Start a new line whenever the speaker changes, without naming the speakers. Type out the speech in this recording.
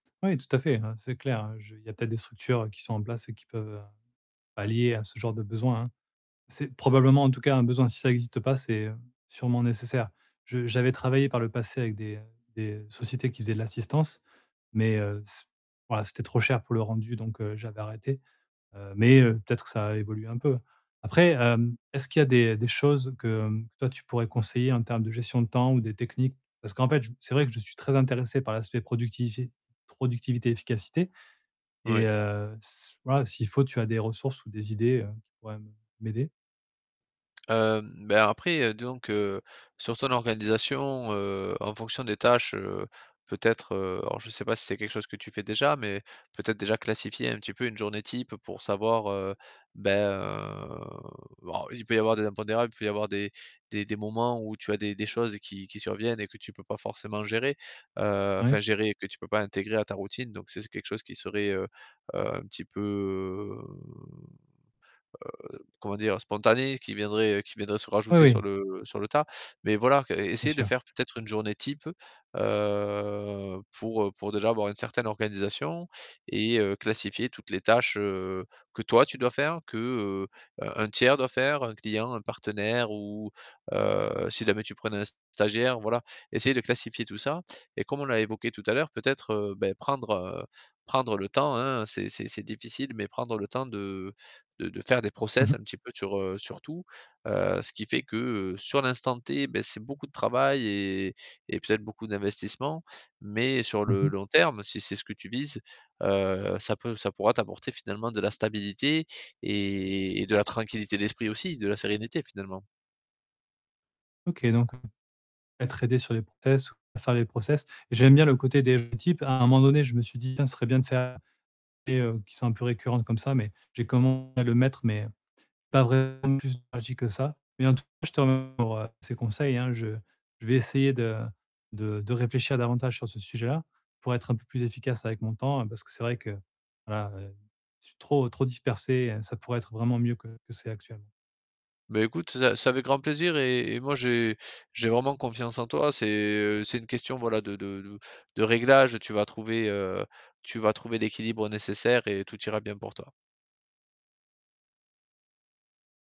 Oui, tout à fait, hein. C'est clair. Je il y a peut-être des structures, heu, qui sont en place et qui peuvent, heu, allier à ce genre de besoin, hein. C'est probablement, en tout cas, un besoin si ça existe pas, c'est, heu, sûrement nécessaire. Je j'avais travaillé par le passé avec des, heu, des sociétés qui faisaient de l'assistance, mais heu, c voilà, c'était trop cher pour le rendu donc, heu, j'avais arrêté, heu mais heu, peut-être que ça a évolué un peu. Après, hem, est-ce qu'il y a des des choses que, hem, toi, tu pourrais conseiller en termes de gestion de temps ou des techniques? Parce qu'en fait, c'est vrai que je suis très intéressé par l'aspect productivité- productivité, efficacité et
Oui.
heu c voilà, s'il faut, tu as des ressources ou des idées, heu, qui pourraient m m'aider.
Hem, ben, après, heu, disons que, sur ton organisation, heu, en fonction des tâches, heu, peut-être, heu, alors, je sais pas si c'est quelque chose que tu fais déjà mais peut-être, déjà, classifier un petit peu une journée type pour savoir, heu, ben, heu alors, il peut y avoir des impondérables. Il peut y avoir des des des moments où tu as des des choses qui qui surviennent et que tu peux pas forcément gérer, heu, enfin
Ouais.
gérer et que tu peux pas intégrer à ta routine donc ça, c'est quelque chose qui serait, heu heu, un petit peu, heu, comment dire? Spontané. Qui viendrait, heu, qui viendrait se
Oui,
rajouter sur
oui.
le sur le tas mais voilà qu
Bien
essayer de
sûr.
faire, peut-être, une journée type, heu, pour, heu, pour déjà avoir une certaine organisation et heu, classifier toutes les tâches, heu, que toi, tu dois faire que, heu, un un tiers doit faire, un client, un partenaire ou heu, si jamais tu prenais un stagiaire. Voilà, essayer de classifier tout ça et comme on l'a évoqué tout à l'heure, peut-être, heu, bah, prendre, heu, prendre le temps, hein. C'est c'est c'est difficile, mais prendre le temps de de de faire des
Mmh
process
mh.
un petit peu sur, heu, sur tout, heu, ce qui fait que, heu, sur l'instant T, beh, c'est beaucoup de travail et et peut-être beaucoup d'investissements mais sur
Mmh
le
mh.
long terme si c'est ce que tu vises, heu, ça peut ça pourra t'apporter, finalement, de la stabilité et et de la tranquillité d'esprit aussi, de la sérénité, finalement.
OK donc mmh, être aidé sur les process, faire les process. J'aime bien le côté des journées types. À un moment donné, je me suis dit: «Tiens, ce serait bien de faire des [unintelligible] heu, qui sont un peu récurrents comme ça» mais j'ai [unintelligible] à le mettre mais heu, pas [unintelligible] plus [unintelligible] que ça mais en tout cas, je te m pour, heu, ces conseils hein. Je je vais essayer de de de réfléchir davantage sur ce sujet-là pour être un peu plus efficace avec mon temps, hein, parce que c'est vrai que, voilà, heu, je suis trop, trop dispersé et ça pourrait être vraiment mieux que que c'est actuel
Beh, écoute, ça, c'est avec grand plaisir et et moi, j'ai j'ai vraiment confiance en toi. C'est, heu, c'est une question, voilà, de de de de réglages. Tu vas trouver, heu, tu vas trouver l'équilibre nécessaire et tout ira bien pour toi.